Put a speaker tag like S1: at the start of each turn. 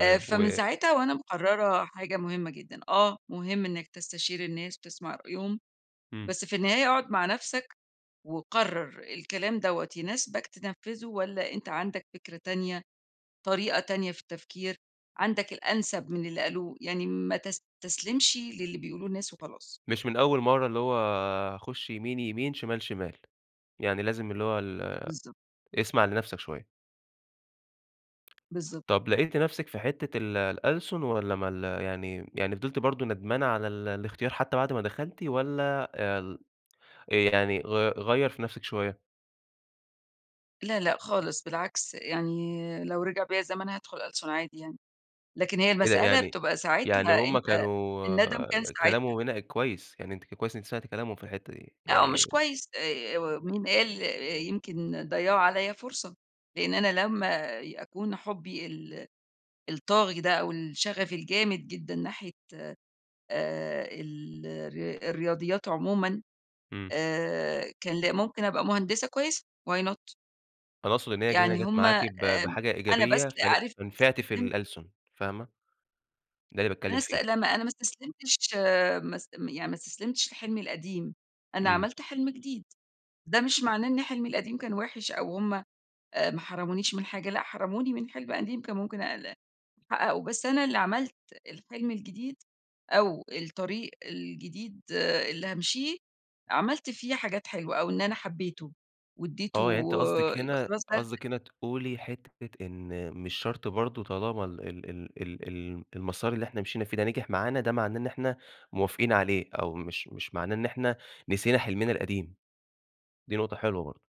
S1: آآ فمن
S2: و
S1: ساعتها وأنا مقرّرة حاجة مهمّة جدًا، آه مهم إنك تستشير الناس وتسمَع رأيهم
S2: إمم.
S1: بس في النهاية أقعُد مع نفْسك وقرّر الكلام دَوَّة يناسبك تنفّذه والّا أنت عندك فكرة تانية، طريقة تانية في التفكير، عندك الأنسب من اللي قالوه يعني ما تستسلمشِ للي بيقولوه الناس وخلاص.
S2: مش من أول مرّة، اللي هو هاخش يمين، يمين، شِمال، شِمال، يعني لازم اللي هو ال
S1: بالضبط.
S2: اسمع لنفْسك شويّة.
S1: بالضبط.
S2: طَب لقيتِ نفْسِك في حِتّة ال الألسُن والّا ما ال يعني يعني فضِلتِ برضه ندمانة على ال الإختيار حتى بعد ما دخَلتِ والّا آآ ال آآ يعني غي غيّر في نفْسِك شويّة؟
S1: لأ، لأ خالص بالعكس، يعني لو رجِع بيَّ الزمن هادخُل ألسُن عادي يعني، لكن هي
S2: إيه ده؟
S1: المسألة
S2: يعني
S1: بتبقى
S2: يعني
S1: ساعتها
S2: هُم
S1: أنت النَّدم كان
S2: كانوا
S1: ساعتها.
S2: كلامهم هنا كويس، يعني أنتِ ك كويس إن أنتِ سمعتِ كلامهم في الحِتّة دي
S1: لأ هو مش
S2: يعني
S1: كويس آآ، مين قال يمكن ضيّعوا عليَّ فرصة، لإن أنا لما ي أكُون حُبّي ال الطاغي ده أو الشغف الجامد جدًا ناحية آآ ال الر الرياضيات عمومًا
S2: إمم.
S1: آآ، كان ل ممكن أبقى مهندسة كويّسة why not؟
S2: أنا أقصُد إن هي ج هنا
S1: يعني
S2: جات
S1: هُم
S2: معاكِ
S1: آآ،
S2: ب بحاجة
S1: أنا بس
S2: إيجابية فن
S1: عارف
S2: نفَعتِ في
S1: استسلمت
S2: الألسُن فاهمة. ده
S1: [unintelligible]
S2: اللي
S1: أنا
S2: باتكلّم
S1: است
S2: فيه.
S1: لا ما أنا ما استسلمتش ما است م يعني ما استسلمتش لحلمي القديم، أنا
S2: إمم.
S1: عملت حِلم جديد، ده مش معناه إن حلمي القديم كان وحِش أو هُم آآ ما حرمونيش من حاجة، لأ حرموني من حِلم قديم كان ممكن أقل أحقّقه بس أنا اللي عملت الحلم الجديد أو الطريق الجديد، اللي هامشِيه، عملت فيه حاجات حلوة أو إن أنا حبّيته وادّيته
S2: آه، يعني أنتِ قصدِك
S1: يبقى
S2: هنا
S1: خلاص ده [unintelligible]
S2: قصدِك هنا تقولي حِتّة إن مش شرْط برضه طالما ال ال ال ال ال المَسار اللي إحنا مشِينا فيه ده نجح معانا ده معناه إن إحنا موافقين عليه؟ أو مش مش معناه إن إحنا نسينا حلمنا القديم. دي نقطة حلوة برضه.